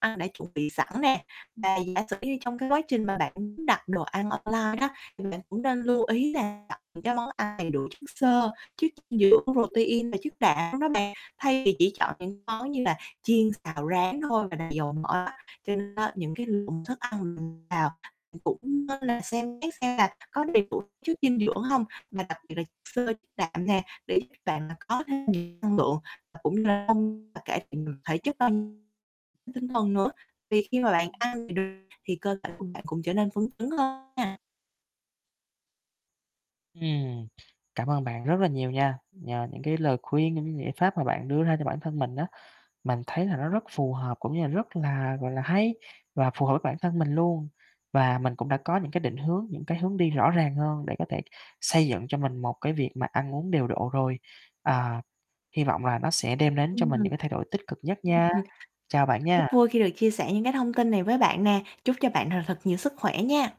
Ăn đã chuẩn bị sẵn nè. Và giả sử như trong cái quá trình mà bạn muốn đặt đồ ăn online á, thì bạn cũng nên lưu ý là đặt cái món ăn đầy đủ chất xơ, chất dinh dưỡng protein và chất đạm đó bạn, thay vì chỉ chọn những món như là chiên, xào, rán thôi và dầu mỡ á. Cho nên á những cái lượng thức ăn mình vào cũng nên là xem xét xem là có đầy đủ chất dinh dưỡng hông, mà đặc biệt là chất xơ, chất đạm nè, để giúp bạn là có thêm nhiều năng lượng và cũng như là [unintelligible] và cải thiện được thể chất [unintelligible] tinh thần nữa. Thì khi mà bạn ăn được thì cơ thể của bạn cũng trở nên phấn chấn hơn à. Ừm, cảm ơn bạn rất là nhiều nha. Nhờ những cái lời khuyên, những cái giải pháp mà bạn đưa ra cho bản thân mình á, mình thấy là nó rất phù hợp cũng như là rất là gọi là hay và phù hợp với bản thân mình luôn. Và mình cũng đã có những cái định hướng, những cái hướng đi rõ ràng hơn để có thể xây dựng cho mình một cái việc mà ăn uống điều độ rồi. À, hy vọng là nó sẽ đem đến Ừm. cho mình Ưm, những cái thay đổi tích cực nhất nha. ừm. Chào bạn Rất nha. vui khi được chia sẻ những cái thông tin này với bạn nè, chúc cho bạn th thật nhiều sức khỏe nha.